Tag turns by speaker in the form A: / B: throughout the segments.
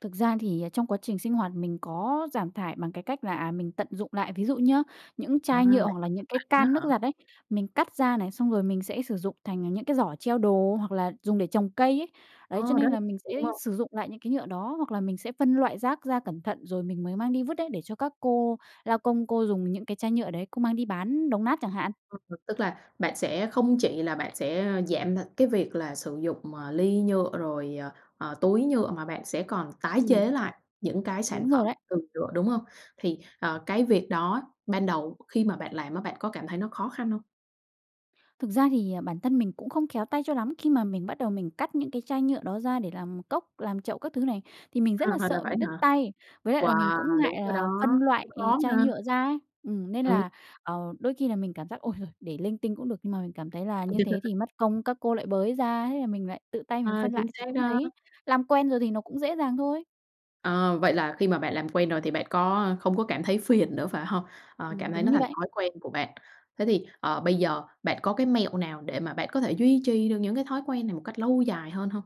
A: Thực ra thì, à, trong quá trình sinh hoạt mình có giảm thải bằng cái cách là, à, mình tận dụng lại. Ví dụ nhé, những
B: À, bạn
A: chai
B: tự phân
A: nhựa hoặc là những cái
B: loại luôn á
A: can nước
B: hả?
A: giặt ấy, mình cắt ra này, xong rồi mình sẽ sử dụng thành những cái giỏ treo đồ hoặc là dùng để trồng cây ấy, đấy, cho
B: Ờ, rất
A: nên
B: [unintelligible]
A: là mình sẽ
B: đúng không?
A: sử dụng lại những cái nhựa đó. Hoặc là mình sẽ phân loại rác ra cẩn thận rồi mình mới mang đi vứt đấy, để cho các cô lao công cô dùng những cái chai nhựa đấy, cô mang đi bán đồng nát chẳng hạn.
B: Ừm, ừm, tức là bạn sẽ không chỉ là bạn sẽ giảm th cái việc là sử dụng, ờ, ly nhựa rồi, ờ, ờ, túi nhựa, mà bạn sẽ còn tái
A: Ừm.
B: chế lại những cái sản
A: Đúng rồi
B: phẩm
A: đấy.
B: từ nhựa, đúng hông? Thì, ờ, cái việc đó ban đầu khi mà bạn làm á bạn có cảm thấy nó khó khăn hông?
A: Thực ra thì, à, bản thân mình cũng không khéo tay cho lắm, khi mà mình bắt đầu mình cắt những cái chai nhựa đó ra để làm cốc, làm chậu các thứ này, thì mình rất là
B: À, là
A: sợ
B: vậy
A: bị
B: á
A: đứt
B: hả?
A: tay. Với lại là mình cũng
B: Wow! Đúng
A: ngại
B: rồi
A: là phân
B: đó,
A: loại
B: cũng khó
A: chai
B: ha.
A: nhựa ra ấy, ừm, nên
B: Ừm.
A: là, ờ, đôi khi là mình cảm giác, ôi giời, để linh tinh cũng được, nhưng mà mình cảm thấy là như thế thì mất công các cô lại bới ra, thế là mình lại tự tay mình
B: Ờ,
A: phân
B: chính
A: loại, thì
B: xác
A: cũng
B: đó.
A: thấy làm quen rồi thì nó cũng dễ dàng thôi.
B: Ờ, vậy là khi mà bạn làm quen rồi thì bạn có không có cảm thấy phiền nữa, phải hông? Ờ, cảm
A: Ừm,
B: thấy
A: đúng
B: nó
A: như
B: thành
A: vậy.
B: thói quen của bạn. Thế thì, ờ, bây giờ bạn có cái mẹo nào để mà bạn có thể duy trì được những cái thói quen này một cách lâu dài hơn hông?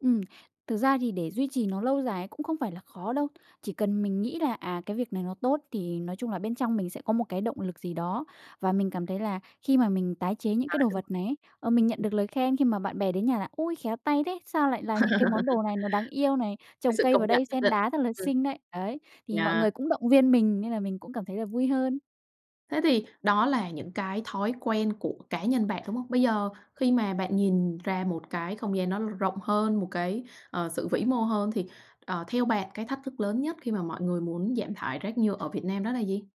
A: Ừm. Thực ra thì để duy trì nó lâu dài ấy cũng không phải là khó đâu. Chỉ cần mình nghĩ là, à, cái việc này nó tốt thì nói chung là bên trong mình sẽ có một cái động lực gì đó. Và mình cảm thấy là khi mà mình tái chế những
B: À,
A: cái đồ
B: đúng
A: vật này ấy, ờ, mình nhận
B: rồi.
A: được lời khen khi mà bạn bè đến nhà là "Ôi, khéo tay thế! Sao lại làm những cái món đồ này nó đáng yêu này?
B: Cái
A: Trồng
B: sự
A: cây
B: công
A: vào
B: nhận
A: đây
B: nhất
A: sen
B: định,
A: đá rất là
B: ừm.
A: xinh đấy." Đấy, thì mọi
B: Yeah.
A: người cũng động viên mình, nên là mình cũng cảm thấy là vui hơn.
B: Thế thì đó là những cái thói quen của cá nhân bạn, đúng hông? Bây giờ khi mà bạn nhìn ra một cái không gian nó rộng hơn, một cái, ờ, sự vĩ mô hơn thì, ờ, theo bạn cái thách thức lớn nhất khi mà mọi người muốn giảm thải rác nhựa ở Việt Nam đó là gì?